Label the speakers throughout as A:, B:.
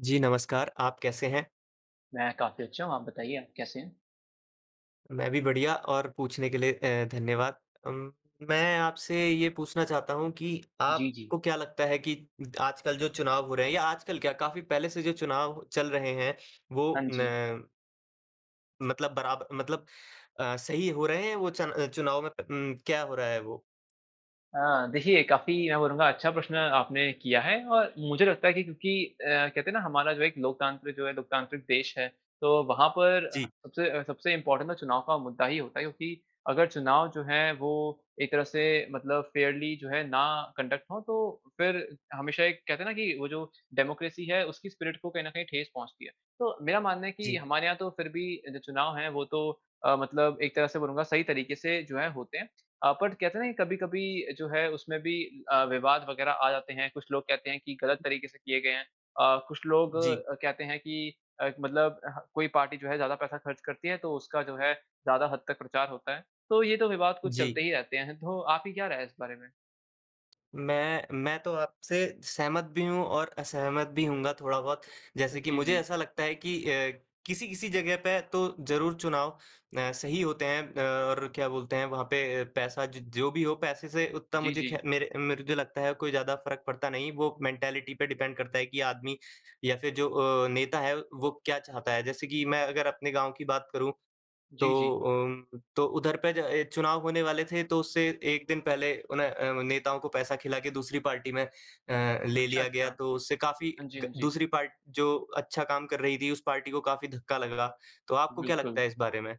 A: जी, नमस्कार, आप कैसे हैं?
B: मैं काफ़ी अच्छा हूँ आप बताइए आप कैसे हैं?
A: मैं भी बढ़िया, और पूछने के लिए अ, धन्यवाद। अम, मैं आपसे ये पूछना चाहता हूँ कि
B: जी, जी।
A: आपको क्या लगता है कि उ, आजकल जो चुनाव हो रहे हैं या आजकल क्या काफ़ी पहले से जो चुनाव चल रहे हैं
B: हाँ,
A: वो
B: जी।
A: न मतलब बराब मतलब अ, सही हो रहे हैं वो चन चुनाव मत उम, क्या हो रहा है वो?
B: अ, देखिये काफ़ी मैं बोलूँगा अच्छा प्रश्न आपने किया है और मुझे लगता है कि क्योंकि अ, कहते है ना हमारा जो एक लोकतंत्र, जो है लोकतांत्रिक देश है। तो वहाँ पर
A: जी।
B: सबसे सबसे इंपॉर्टेंट न चुनाव का मुद्दा ही होता है क्योंकि, अगर चुनाव जो है वो एक तरह से मतलब फ़ेयरली जो है ना कंडक्ट हो तो फिर हमेशा एक कहते है ना कि वो जो डेमोक्रेसी है उसकी स्पिरिट को कहीं न कहीं ठेस पहुँचती है। तो मेरा मानना है कि
A: जी।
B: हमारे यहाँ तो फिर भी जो चुनाव है वो तो अ, मतलब एक तरह से बोलूँगा सही तरीके से जो है होते हैं। अ, बट कहते हैं ना कभी-कभी जो है उसमें भी अ, विवाद वगैरह आ जाते हैं। कुछ लोग कहते हैं कि गलत तरीके से किए गए हैं। अ, कुछ लोग
A: जी।
B: कहते हैं कि अ, मतलब अ, कोई पार्टी जो है ज़्यादा पैसा खर्च करती है तो उसका जो है ज़्यादा हद तक प्रचार होता है, तो ये तो विवाद कुछ चलते
A: जी।
B: ही रहते हैं तो आपकी क्या राय है इस बारे में?
A: मैं मैं तो आपसे सहमत भी हूँ, और असहमत भी होऊँगा थोड़ा बहुत। जैसे कि
B: जी,
A: मुझे
B: जी।
A: ऐसा लगता है कि अ, किसी-किसी जगह पे तो जरूर चुनाव अ, सही होते हैं, अ, और क्या बोलते हैं, वहाँ पे पैसा ज जो भी हो पैसे से उतना
B: जी,
A: मुझे खै
B: जी।
A: मेरे मेरे जो लगता है, कोई ज्यादा फर्क पड़ता नहीं। वो मेंटालिटी पे डिपेंड करता है कि आदमी या फिर जो अ, नेता है वो क्या चाहता है। जैसे कि मैं अगर अपने गाँव की बात करूँ, तो
B: जी, जी।
A: अम्म तो उधर पे अ, चुनाव होने वाले थे, तो उससे 1 दिन पहले उन्ह अ, नेताओं को पैसा खिला के दूसरी पार्टी में अ, ले
B: अच्छा,
A: लिया
B: अच्छा।
A: गया, तो
B: हाँ
A: उससे काफी
B: जी,
A: ग
B: हाँ जी।
A: दूसरी पार्टी जो अच्छा काम कर रही थी उस पार्टी को काफी धक्का लगा। तो आपको क्या लगता
B: बिल्कुल।
A: है इस बारे में?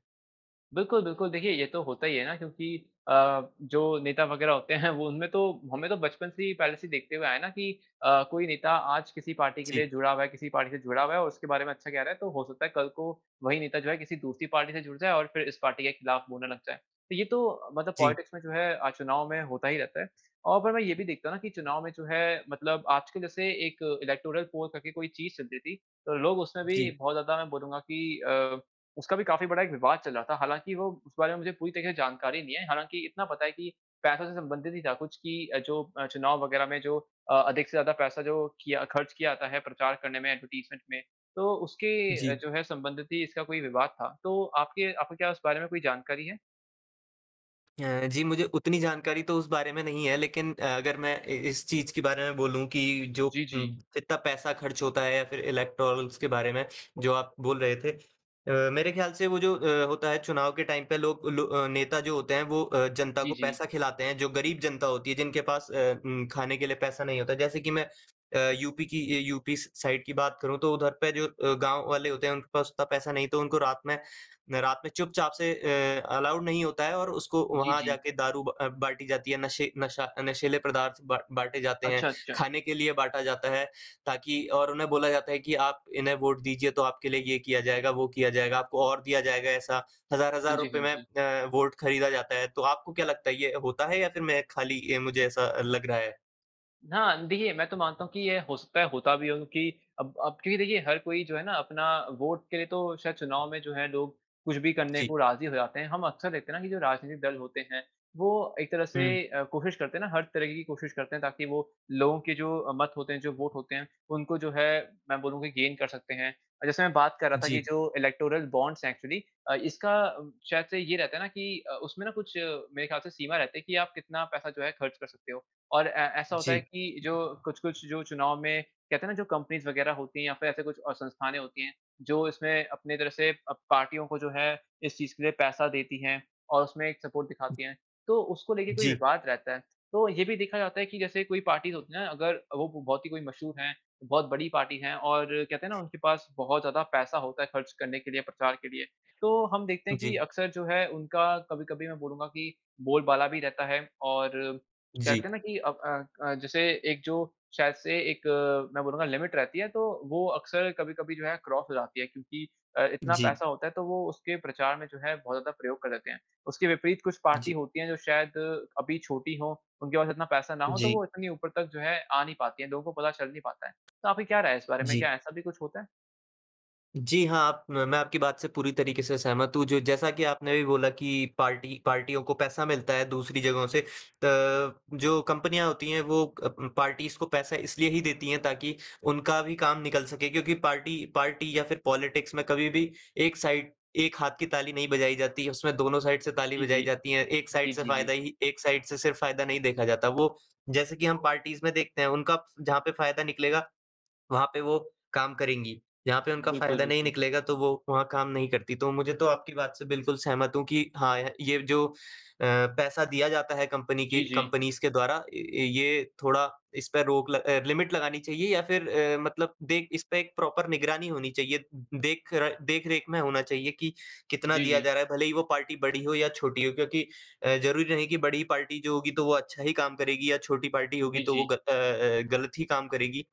B: बिल्कुल, बिल्कुल देखिये ये तो होता ही है ना क्योंकि अ, जो नेता वगैरह होते हैं, वो उनमे तो हमें तो बचपन से ही पहले से ही देखते हुए आए ना कि अ, कोई नेता आज किसी पार्टी के लिए
A: जी।
B: जुड़ा हुआ है, किसी पार्टी से जुड़ा हुआ है। और उसके बारे में अच्छा कह रहा है, तो हो सकता है कल को वही नेता जो है किसी दूसरी पार्टी से जुड़ जाए और फिर इस पार्टी के खिलाफ बोलने लग जाए। तो ये तो मतलब
A: जी।
B: पॉलिटिक्स में जो है, चुनाव में होता ही रहता है। और मैं ये भी देखता हूँ ना, कि चुनाव में जो है मतलब आजकल जैसे एक इलेक्टोरल पोल करके कोई चीज़ चलती थी। लोग उसमे भी
A: जी।
B: बहुत ज्यादा मैं बोलूँगा की अ, उसका भी काफी बड़ा विवाद चल रहा था। हालाँकि वो उस बारे में मुझे पूरी तरह से जानकारी नहीं है हालाँकि इतना पता है कि, पैसों से संबंधित नहीं था कुछ की अ, जो अ, चुनाव वगैरह में जो अ, अधिक से ज्यादा पैसा जो किया खर्च किया जाता है, प्रचार करने में एडवर्टाइज़मेंट में तो उसके
A: जी।
B: जो है संबंधित ही इसका कोई विवाद था, तो आपके आपको क्या इस बारे में कोई जानकारी है?
A: अ, जी मुझे उतनी जानकारी तो उस बारे में नहीं है लेकिन अ, अगर मैं अ, इस चीज़ के बारे में बोलूँ कि जो
B: जी,
A: अ,
B: जी।
A: इतना पैसा खर्च होता है या फिर इलेक्टोरल्स के बारे में जो आप बोल रहे थे। अ, मेरे ख़्याल वो जो अ, होता है चुनाव के टाइम पे लोग अ, लो नेता जो होते हैं वो अ, जनता को
B: जी, जी।
A: पैसा खिलाते हैं जो गरीब जनता होती है जिनके पास अ, उ खाने के लिए पैसा नहीं होता। जैसे कि मैं अ, यूपी की ए यूपी साइड की अ, बात करूँ तो उधर पे जो अ, गाँव वाले होते हैं उनके पास उतना पैसा नहीं हैं तो उनको रात में रात में चुपचाप से अ, अलाउ नहीं होता है और उसको
B: जी,
A: वहाँ
B: जी।
A: जाके दारू ब अ, बाँटी जाती है नशें नशा अ, नशीले पदार्थ ब बाँटे जाते हैं।
B: अच्छा, अच्छा।
A: खाने के लिए बाँटा जाता है ताकि और उन्हें बोला जाता है कि, "आप इन्हें वोट दीजिए तो आपके लिए ये किया जाएगा, वो किया जाएगा।" आपको और दिया जाएगा ऐसा। हज़ार
B: हाँ
A: हज़ार
B: जी,
A: रुपए
B: हाँ
A: में
B: जी।
A: अ, वोट खरीदा जाता है। तो आपको क्या लगता है ये होता है या फिर मैं खाली अ, ये मुझे ऐसा लग रहा है?
B: हाँ। देखिए, मैं तो मानता हूँ कि ये हो सकता है होता भी हो क्योंकि अब अब क्योंकि देखिए हर कोई जो हैं ना अपना वोट के लिए तो शायद चुनाव में जो है लोग कुछ भी करने
A: जी।
B: को राज़ी हो जाते हैं। हम अक्सर देखते हैं ना, कि जो राजनीतिक दल होते हैं वो एक तरह से
A: हुँ।
B: अ, कोशिश करते हैं ना, हर तरीके की कोशिश करते हैं ताकि वो लोगो के जो मत होते हैं, जो वोट होते हैं उनको जो है मैं बोलूँ की गेन कर सकते हैं। जैसे मैं बात कर रहा था कि
A: जी।
B: जो इलेक्टोरल बॉन्ड्स हैं एक्चुअली अ, इसका शायद से ये रहता हैं ना कि अ, उसमें न कुछ मेरे ख़्याल से सीमा रहती है की आप कितना पैसा जो है ख़र्च कर सकते हो और अ, ऐसा होता है
A: जी।
B: कि जो अ, कुछ-कुछ जो चुनाव में कहते हैं ना, जो कंपनीज़ वग़ैरह होती हैं या फिर ऐसे कुछ अ, संस्थाने होती हैं जो इसमें अपनी तरह से अ, पार्टियों को जो है इस चीज़ के लिए पैसा देती हैं और उसमें एक सपोर्ट दिखाती हैं तो उसको लेके कोई
A: जी।
B: विवाद रहता है। तो ये भी देखा जाता है कि जैसे कोई पार्टीज़ होती हैं ना अ, अगर वो बहुत ही कोई मशहूर है, बहुत बड़ी पार्टी है और कहते हैं ना, उनके पास बहुत ज़्यादा पैसा होता है ख़र्च करने के लिए प्रचार के लिए तो हम देखते
A: उ,
B: हैं कि
A: जी।
B: अक्सर जो है उनका कभी-कभी मैं बोलूँगा कि बोल-बाला भी रहता है और कहते
A: जी
B: हैं ना कि अब अ अ, जैसे एक जो शायद से एक अ, मैं बोलूँगा लिमिट रहती है तो वो अक्सर कभी-कभी जो है क्रॉस हो जाती है क्योंकि अ, इतना
A: जी।
B: पैसा होता है तो वो उसके प्रचार में जो है बहुत ज़्यादा प्रयोग कर देते हैं। उसके विपरीत कुछ पार्टी
A: जी।
B: होती है जो शायद अभी छोटी हो उनके पास इतना पैसा ना हो तो वो
A: जी।
B: इतनी ऊपर तक जो है आ नहीं पाती हैं। लोगों को पता चल नहीं पाता है। तो आपकी क्या राय है इस बारे में?
A: जी।
B: क्या ऐसा भी कुछ होता है?
A: जी, हाँ, आप मैं आपकी बात से पूरी तरीके से सहमत हूँ, जो जैसा कि आपने अभी बोला कि पार्टी पार्टियों को पैसा मिलता है, दूसरी जगहों से। अ, जो कंपनियाँ होती हैं वो अ, पार्टीज़ को पैसा इसलिए ही देती हैं, ताकि उनका भी काम निकल सके क्योंकि पार्टी पार्टी या फिर पॉलिटिक्स में कभी भी एक साइड, एक हाथ की ताली नहीं बजाई जाती उसमें दोनों साइड से ताली
B: जी, जी।
A: बजाई जाती हैं। एक
B: जी,
A: साइड से
B: जी,
A: फ़ायदा
B: जी।
A: ही एक साइड से सिर्फ फ़ायदा नहीं देखा जाता, वो जैसे कि हम पार्टीज़ देखते हैं, उनका जहाँ पे फ़ायदा निकलेगा, वहाँ पे वो काम करेंगी, जहाँ पे उनका
B: बिल्कुल,
A: फ़ायदा नहीं
B: बिल्कुल।
A: निकलेगा तो वो वहाँ काम नहीं करती। तो मुझे तो आपकी बात से बिल्कुल सहमत हूँ कि हाँ, य ये जो अ, पैसा दिया जाता है कंपनी की
B: जी, जी।
A: कंपनीज़ के द्वारा, य ये थोड़ा इसपे रोक ल अ, लिमिट लगानी चाहिए या फिर अ, मतलब देख इसपे एक प्रॉपर निगरानी होनी चाहिए। देख र देख-रेख में होना चाहिए कि कितना
B: जी,
A: दिया
B: जी।
A: जा रहा है, भले ही वो पार्टी बड़ी हो या छोटी हो क्योंकि अ, जरूरी नहीं कि बड़ी पार्टी जो होगी तो वो अच्छा ही काम करेगी या छोटी पार्टी होगी
B: जी,
A: तो वो ग अ
B: जी।
A: अ अ, गलत ही काम करेगी।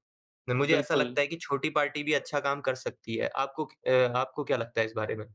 A: मुझे ऐसा
B: बिल्कुल।
A: लगता है कि छोटी पार्टी भी अच्छा काम कर सकती है। आपको क अ, आपको क्या लगता है इस बारे में?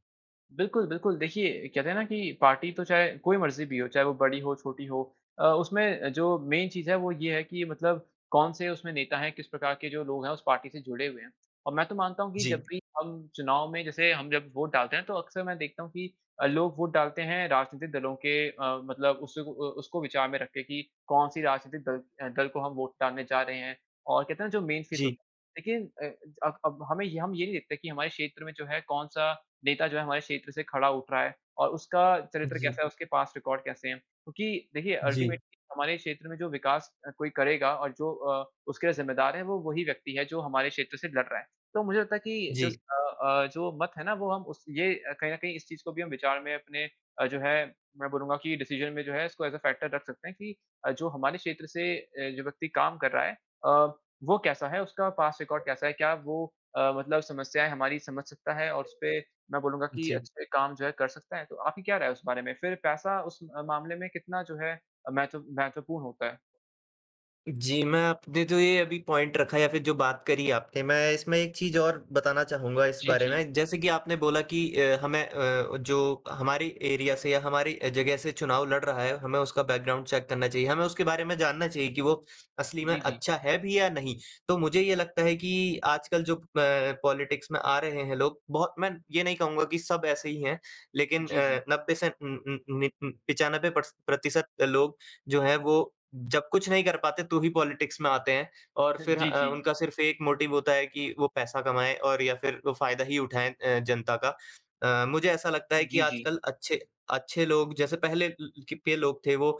B: बिल्कुल, बिल्कुल। देखिए कहते है ना कि पार्टी तो चाहे कोई मर्ज़ी भी हो चाहे वो बड़ी हो, छोटी हो अ, उसमें जो मेन चीज़ है वो ये है कि मतलब कौन-से उसमें नेता हैं किस प्रकार के जो लोग हैं उस पार्टी से जुड़े हुए हैं। अ, मैं तो मानता हूँ कि जब
A: जी।
B: भी हम चुनाव में जैसे हम जब वोट डालते हैं तो अक्सर मैं देखता हूँ कि अ, लोग वोट डालते हैं राजनीतिक दलों के अ, मतलब उस अ उसको विचार में रख के कि कौन-सी राजनीतिक दल दल को हम वोट डालने जा रहे हैं। और कहते है ना जो मेन फ़ीसद,
A: जी।
B: लेकिन अ, अब अब, हमें हम ये नहीं देखते कि हमारे क्षेत्र में जो है कौन-सा नेता जो है हमारे क्षेत्र से खड़ा उठ रहा है। और उसका चरित्र
A: जी।
B: कैसा है उसके पास्ट रिकॉर्ड कैसे है? क्योंकि देखिए
A: जी।
B: अल्टीमेटली हमारे क्षेत्र में जो विकास अ, कोई करेगा और जो अ, उसके लिए ज़िम्मेदार है वो वही व्यक्ति है जो हमारे क्षेत्र से लड़ रहा है। तो मुझे लगता है कि
A: जी।
B: जस्ट अ अ, जो मत है ना वो हम उस ये कहीं न कहीं इस चीज़ को भी हम विचार में अपने अ, जो है मैं बोलूँगा की डिसीज़न में जो है इसको एज़ ए फैक्टर रख सकते हैं कि अ, जो हमारे क्षेत्र से अ, जो व्यक्ति काम कर रहा है अ, वो कैसा है उसका पास्ट रिकॉर्ड कैसा है? क्या वो अ, मतलब समस्याएँ हमारी समझ सकता है और उसपे मैं बोलूँगा कि
A: जी।
B: अच्छे काम जो है कर सकता है? तो आपकी क्या राय है उस बारे में? फ़िर पैसा उस मामले में कितना जो है महत्व महत्वपूर्ण होता है?
A: जी। मैं आपने जो ये अभी पॉइंट रखा या फ़िर जो बात करी आपने, मैं इसमें एक चीज़ और बताना चाहूँगा इस
B: जी,
A: बारे
B: जी।
A: में। जैसे कि आपने बोला कि अ, हमें अ, जो हमारी एरिया से या हमारी अ, जगह से चुनाव लड़ रहा है, हमें उसका बैकग्राउंड चेक करना चाहिए। हमें उसके बारे में जानना चाहिए कि वो असली में
B: जी, जी।
A: अच्छा है भी या नहीं। तो मुझे ये लगता है कि आजकल जो प पॉलिटिक्स में आ रहे हैं लोग बहुत मैं ये नहीं कहूँगा कि सब ऐसे ही हैं लेकिन
B: जी, जी।
A: अ, 90 से उम उम नि 95 प्रस प्रतिशत लोग जो हैं वो जब कुछ नहीं कर पाते तो ही पॉलिटिक्स में आते हैं। और
B: ह
A: फ़िर
B: जी,
A: अ,
B: जी।
A: उनका सिर्फ़ 1 मोटिव होता है कि वो पैसा कमाएँ और या फ़िर वो फ़ायदा ही उठाएँ अ, जनता का। अ, मुझे ऐसा लगता है कि
B: जी, जी।
A: आजकल अच्छे अच्छे लोग जैसे पहले ले के लोग थे वो अ,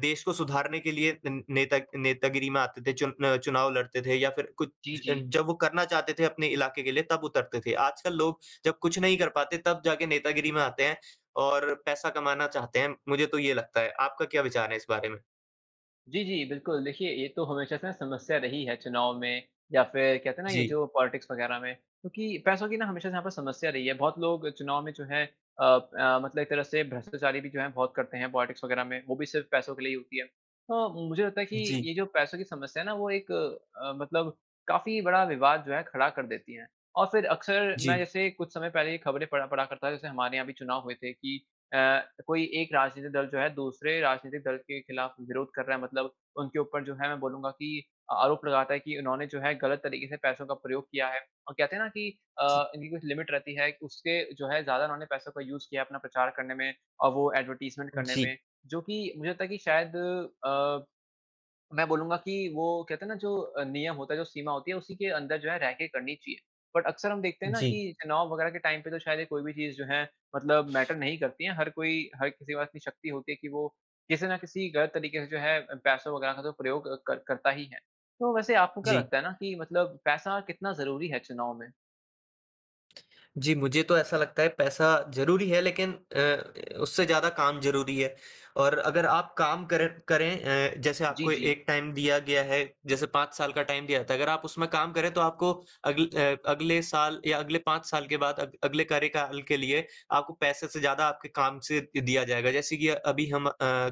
A: देश को सुधारने के लिए नेता नेतागिरी में आते थे चुन अ, चुनाव लड़ते थे। या फ़िर कुछ
B: जी, जी।
A: जब वो करना चाहते थे अपने इलाके के लिए तब उतरते थे। आजकल लोग जब कुछ नहीं कर पाते तब जाके नेतागिरी में आते हैं और पैसा कमाना चाहते हैं। मुझे तो ये लगता है आपका क्या विचार है इस बारे में?
B: जी, जी। बिलकुल, देखिये ये तो हमेशा से ना समस्या रही है, चुनाव में या फिर कहते है ना ये
A: जी।
B: जो पॉलिटिक्स वगैरह में। क्योंकि पैसों की ना हमेशा से यहाँ पर समस्या रही है। बहुत लोग चुनाव में जो है अ अ, मतलब एक तरह से भ्रष्टाचारी भी जो है, बहुत करते हैं पॉलिटिक्स वगैरह में। वो भी सिर्फ पैसों के लिए ही होती है। हाँ, मुझे लगता है कि
A: जी।
B: ये जो पैसों की समस्या है ना वो एक अ, मतलब काफी बड़ा विवाद जो है खड़ा कर देती है। और फिर अक्सर मैं
A: जी।
B: जैसे कुछ समय पहले ये खबरें पढ़ा पढ़ा करता था। जैसे हमारे यहाँ भी चुनाव हुए थे कि अ, कोई एक राजनीतिक दल जो है, दूसरे राजनीतिक दल के खिलाफ विरोध कर रहा है, मतलब उनके ऊपर जो है मैं बोलूंगा कि आरोप लगाता है, कि उन्होने जो है गलत तरीके से पैसों का प्रयोग किया है। और कहते है ना की
A: जी।
B: अ, इनकी कुछ लिमिट रहती है उसके जो है ज्यादा उन्होने पैसों का यूज़ किया है, अपना प्रचार करने में और वो एडवर्टाइज़मेंट करने
A: जी।
B: में। जो कि मुझे लगता है कि शायद अ, मैं बोलूंगा कि वो कहते है ना, जो नियम होता है, जो सीमा होती है उसी के अंदर जो है रह के करनी चाहिए। बट अक्सर हम देखते है ना,
A: जी।
B: कि चुनाव वगैरह के टाइम पे तो शायद ये कोई भी चीज़ जो है मतलब मैटर नहीं करती है। हर कोई हर किसी के पास इतनी शक्ति होती है की वो किसी न किसी गलत तरीके से जो है पैसों वगैरह का तो प्रयोग कर करता ही है। तो वैसे आपको क्या
A: जी।
B: लगता है ना, कि मतलब पैसा कितना जरूरी है चुनाव में?
A: जी, मुझे तो ऐसा लगता है, पैसा ज़रूरी है, लेकिन अ, उससे ज़्यादा काम ज़रूरी है और अगर आप काम कर करें अ, जैसे
B: जी,
A: आपको
B: जी।
A: एक टाइम दिया गया है, जैसे 5 साल का टाइम दिया जाता है। अगर आप उसमें काम करें, तो आपको अगल अ, अगले साल या अगले 5 साल के बाद अग अगले कार्यकाल के लिए आपको पैसे से ज़्यादा आपके काम से दिया जाएगा। जैसे कि अभी हम अ,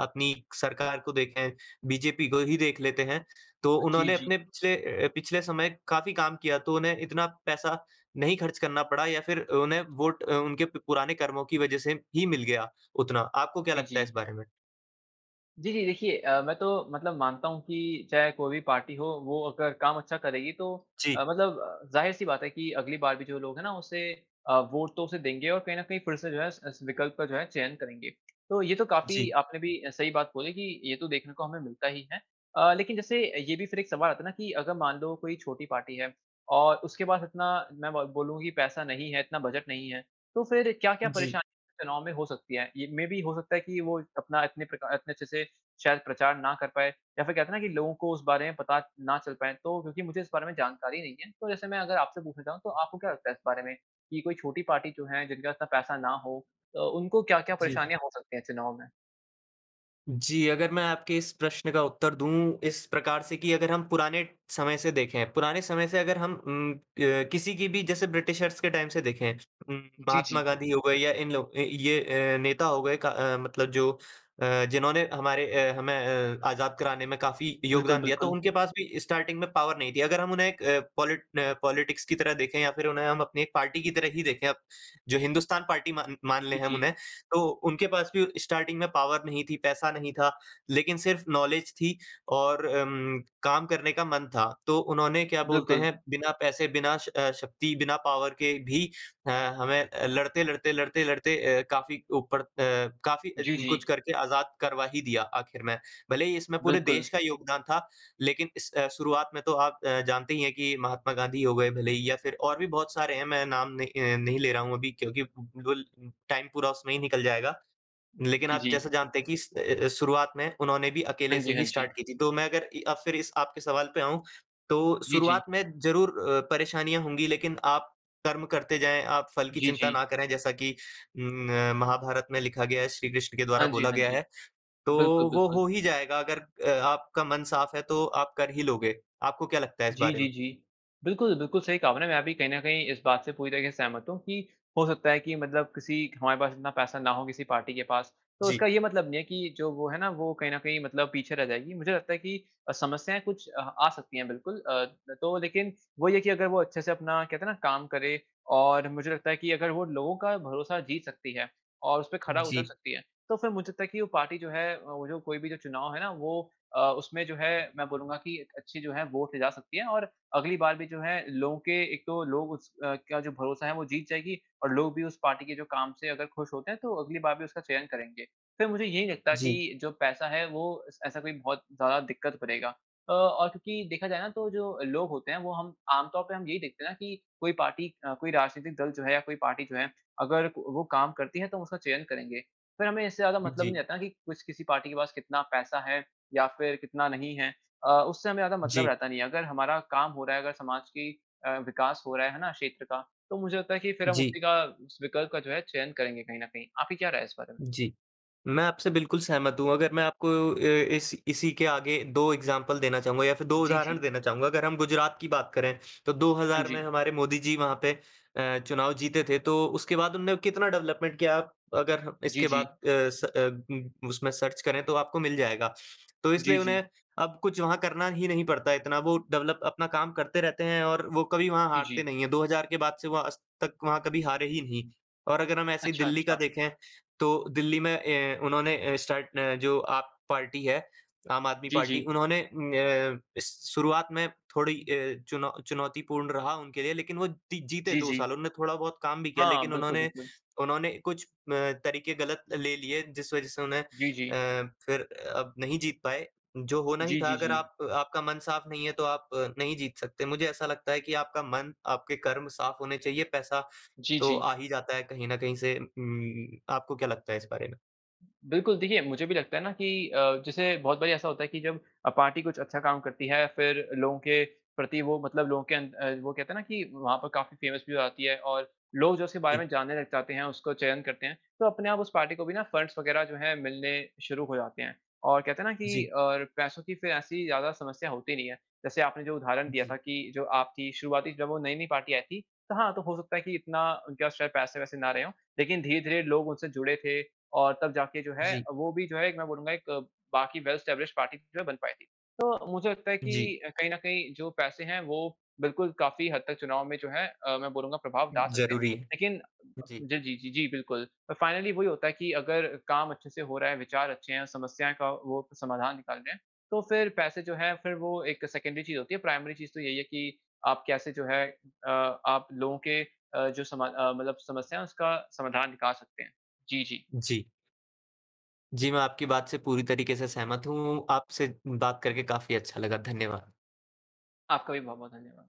A: अपनी सरकार को देखें, बीजेपी को ही देख लेते हैं, तो
B: अ, जी,
A: उन्होंने
B: जी।
A: अपने पिछले अ, पिछले समय काफ़ी काम किया, तो उन्हें इतना पैसा नहीं खर्च करना पड़ा या फिर अ, उन्हें वोट अ, उनके प पुराने कर्मों की वजह से ही मिल गया, उतना। आपको क्या
B: जी,
A: लगता है इस
B: जी।
A: बारे में?
B: जी, जी, देखिये अ, मैं तो मतलब मानता हूँ की चाहे कोई भी पार्टी हो, वो अगर काम अच्छा करेगी, तो अ,
A: जी।
B: मतलब ज़ाहिर-सी बात है कि अगली बार भी जो लोग है ना, उसे अ, वोट तो उसे देंगे और कहीं न कहीं फिर से जो है, उस उस विकल्प का जो है चयन करेंगे। तो ये तो काफ़ी
A: जी।
B: आपने भी अ, सही बात बोली कि ये तो देखने को हमें मिलता ही है। अ, लेकिन जैसे अ, ये भी फिर एक सवाल आता है ना कि अगर मान लो, कोई छोटी पार्टी है और उसके पास इतना मैं ब बोलूँ कि पैसा नहीं है, इतना बजट नहीं है, तो फिर
A: अ,
B: क्या-क्या
A: जी।
B: परेशानी चुनाव में हो सकती है? ये मेबी हो सकता है कि वो इत अपना इतने प्रका इतने अच्छे से शायद प्रचार ना कर पाए या फिर कहते है ना कि लोगों को उस बारे में पता ना चल पाए, तो क्योंकि मुझे इस बारे में जानकारी नहीं है। तो जैसे मैं अगर आपसे पूछना चाहूँ, तो आपको क्या लगता है इस बारे में कि कोई छोटी पार्टी जो है, जिनके पास इतना पैसा ना हो अ, उनको क्या-क्या
A: जी।
B: परेशानियाँ हो सकती हैं चुनाव में?
A: जी, अगर मैं आपके इस प्रश्न का उत्तर दूँ, इस प्रकार से कि अगर हम पुराने समय से देखें, पुराने समय से अगर हम उम, क किसी की भी जैसे ब्रिटिशर्स के टाइम से देखें उम,
B: जी,
A: महात्मा
B: जी।
A: गाँधी हो गए या इन लोग अ, ये अ, नेता हो गए क अ, मतलब जो अ, जिन्होंने हमारे अ, हमें अ, आज़ाद कराने में काफ़ी
B: बिल्कुल,
A: योगदान दिया, तो
B: बिल्कुल।
A: उनके पास भी स्टार्टिंग में पॉवर नहीं थी। अगर हम उन्हें एक अ, पॉलिट न पॉलिटिक्स की तरह देखें या फिर उन्हें हम अपनी एक पार्टी की तरह ही देखें अब, जो हिंदुस्तान पार्टी मा मान लें
B: जी,
A: हम उन्हें,
B: जी।
A: तो उनके पास भी स्टार्टिंग में पॉवर नहीं थी, पैसा नहीं था, लेकिन सिर्फ़ नॉलेज थी और अम, काम करने का मन था। तो उन्होंने क्या बोलते हैं,
B: बिल्कुल।
A: बिना पैसे, बिना श अ, शक्ति, बिना पॉवर के भी अ, हमें अ, लड़ते, लड़ते, लड़ते, लड़ते अ, काफ़ी ऊपर अ, काफ़ी अ,
B: जी,
A: कुछ
B: जी।
A: करके आज़ाद करवा ही दिया आखिर में। भले ही इसमें पूरे देश
B: बिल्कुल।
A: का योगदान था, लेकिन इस अ, शुरुआत में तो आप अ, जानते ही हैं कि महात्मा गाँधी हो गए, भले ही या फिर और भी बहुत सारे हैं, मैं नाम न अ, नहीं ले रहा हूँ अभी क्योंकि [unintelligible] टाइम पूरा उसमें ही निकल जाएगा। लेकिन
B: जी,
A: आप जैसा
B: जी।
A: जानते हैं कि इस अ अ अ, शुरुआत में उन्होंने भी अकेले
B: हाँ
A: से
B: जी, हाँ
A: ही स्टार्ट
B: जी।
A: की थी। तो मैं अगर इ अब फिर इस आपके सवाल पे आऊँ, तो
B: जी, जी।
A: शुरुआत में ज़रूर अ, परेशानियाँ होंगी, लेकिन आप कर्म करते जाएँ, आप फल की
B: जी,
A: चिंता
B: जी।
A: ना करें, जैसा कि उम, अ, महाभारत में लिखा गया है, श्री कृष्ण के द्वारा
B: हाँ जी,
A: बोला
B: हाँ
A: गया
B: जी।
A: है। तो
B: बिल्कुल,
A: वो
B: बिल्कुल।
A: हो ही जाएगा, अगर अ, आपका मन साफ़ है, तो आप कर ही लोगे। आपको क्या लगता है इस
B: जी,
A: बारे
B: जी,
A: में?
B: जी। बिल्कुल, बिल्कुल सही कहा आपने। मैं भी कहीं न कहीं इस बात से पूरी तरीके से सहमत हूँ कि हो सकता है कि मतलब किसी क हमारे पास इतना पैसा ना हो, किसी पार्टी के पास, तो
A: जी।
B: उसका ये मतलब नहीं है कि जो वो है ना, वो कहीं न कहीं मतलब पीछे रह जाएगी। मुझे लगता है कि अ, समस्याएँ कुछ अ, आ सकती हैं, बिल्कुल। अ, तो लेकिन वही है कि अगर वो अच्छे से अपना, कहते हैं ना, काम करे और मुझे लगता है कि अगर वो लोगों का भरोसा जीत सकती है और उसपे खरा उतर
A: जी।
B: सकती है, तो फिर मुझे लगता है कि वो पार्टी जो है, अ, वो जो कोई भी जो चुनाव है ना, वो अ, उसमें जो है, मैं बोलूँगा कि अच्छी जो है वोट ले जा सकती है और अगली बार भी जो है, लोगों के एक तो लोग उस अ, का जो भरोसा है, वो जीत जाएगी और लोग भी उस पार्टी के जो काम से अगर खुश होते हैं, तो अगली बार भी उसका चयन करेंगे। फिर मुझे ये नहीं लगता
A: जी।
B: कि जो पैसा है, वो ऐस ऐसा कोई बहुत ज़्यादा दिक्कत करेगा। अ, और क्योंकि देखा जाये ना, तो जो लोग होते हैं, वो हम आम तौर पे हम यही देखते हैं ना कि कोई पार्टी अ, कोई राजनीतिक दल जो है या कोई पार्टी जो है, अगर वो काम करती है, तो हम उसका चयन करेंगे। फिर हमें इससे ज़्यादा
A: उ
B: मतलब नहीं
A: जी।
B: रहता ना कि किस किसी पार्टी के पास कितना पैसा है या फिर कितना नहीं है अ, उससे हमें ज़्यादा मतलब
A: जी।
B: रहता नहीं है। अगर हमारा काम हो रहा है, अगर समाज की अ, विकास हो रहा है, है ना? क्षेत्र का, तो मुझे लगता है कि फिर हम
A: जी।
B: उसी का उस विकल्प का जो है, चयन करेंगे कहीं न कहीं। आपकी क्या राय है इस बारे में?
A: जी। मैं आपसे बिल्कुल सहमत हूँ। अगर मैं आपको अ, इस इसी के आगे 2 एग्ज़ाम्पल देना चाहूँगा या फिर 2
B: जी,
A: उदाहरण
B: जी।
A: देना चाहूँगा। अगर हम गुजरात की बात करें, तो दो
B: हाँ
A: हज़ार में
B: जी।
A: हमारे मोदी जी वहाँ पे अ, चुनाव जीते थे, तो उसके बाद उन्होंने कितना डेवलपमेंट किया, अगर
B: जी,
A: इसके
B: जी।
A: बाद अ, स अब [unintelligible] उसमें सर्च करें, तो आपको मिल जाएगा। तो
B: जी,
A: इसलिए
B: जी।
A: उन्हें अब कुछ वहाँ करना ही नहीं पड़ता है, इतना वो डेवलप, अपना काम करते रहते हैं और वो कभी वहाँ
B: जी,
A: हारते
B: जी।
A: नहीं हैं। 2000 के बाद से वो आज तक वहाँ कभी हारे ही नहीं और अगर हम ऐसे ही
B: अच्छा,
A: दिल्ली का
B: अच्छा।
A: देखें, तो दिल्ली में ए उन्होंने अ, स्टार्ट न जो आप पार्टी है, आम आदमी
B: जी,
A: पार्टी,
B: जी।
A: उन्होंने न श शुरुआत में थोड़ी अ, चुनौ चुनौतीपूर्ण रहा उनके लिए, लेकिन वो दि जीते
B: जी,
A: 2 साल।
B: जी।
A: उन्होंने थोड़ा बहुत काम भी किया,
B: हाँ,
A: लेकिन
B: बिल्कुल,
A: उन्होंने
B: बिल्कुल।
A: उन्होंने कुछ अ, तरीके गलत ले लिए, जिस वजह से उन्हें, अ
B: जी, जी।
A: फिर अब नहीं जीत पाए। जो होना ही
B: जी,
A: था,
B: जी,
A: अगर
B: जी।
A: आप आपका मन साफ़ नहीं है, तो आप नहीं जीत सकते। मुझे ऐसा लगता है कि आपका मन, आपके कर्म साफ़ होने चाहिए, पैसा
B: जी,
A: तो
B: जी।
A: आ ही जाता है कहीं ना कहीं से। उ उम, आपको क्या लगता है इस बारे में?
B: बिल्कुल। देखिये मुझे भी लगता है ना कि अ, जैसे बहुत बारी ऐसा होता है की जब अ, पार्टी कुछ अच्छा काम करती है फिर लोगों के प्रति वो मतलब लोगों के अन अ, वो कहते है ना कि वहाँ पे काफ़ी फेमस भी हो जाती है। और लोग जो उसके बारे
A: जी।
B: में जानने लग जाते हैं, उसको चयन करते हैं, तो अपने आप उस पार्टी को भी ना फंड्स वगैरह जो है मिलने शुरू हो जाते हैं। और कहते है ना कि
A: जी।
B: और पैसों की फिर ऐसी ज़्यादा समस्या होती नहीं है। जैसे आपने जो उदाहरण दिया
A: जी।
B: था कि, जो आपकी शुरुआती जब वो नई-नई पार्टी आई थी तो हाँ तो हो सकता है कि इतना उनके पास शायद पैसे-वैसे ना रहे हो। लेकिन धीरे-धीरे लोग उनसे जुड़े थे, और तब जाके जो है,
A: जी।
B: वो भी जो है एक मैं बोलूँगा एक बाकी वेल एस्टाब्लिशड पार्टी जो बन पायी थी। तो मुझे लगता है
A: जी।
B: कि अ, कहीं न कहीं जो पैसे हैं, वो बिल्कुल काफ़ी हद तक चुनाव में जो हैं, अ, मैं बोलूँगा प्रभाव डाल सकते हैं,
A: ज़रूरी है।
B: लेकिन
A: जी।
B: ज़ जी, जी, जी, बिल्कुल, अ, फाइनली वही होता है कि अगर काम अच्छे से हो रहा है विचार अच्छे है समस्याएँ का वो समाधान निकाल रहे हैं, तो फिर पैसे जो है फिर वो एक सेकेंडरी चीज़ होती है प्राइमरी चीज़ तो यही है कि, आप कैसे जो है अ आप लोगों के अ, जो समा अ, मतलब समस्या है, उसका समाधान निकाल सकते हैं। जी, जी।
A: जी। जी, मैं आपकी बात से पूरी तरीके से सहमत हूँ। आपसे बात करके काफ़ी अच्छा लगा, धन्यवाद।
B: आपका भी बहुत-बहुत धन्यवाद।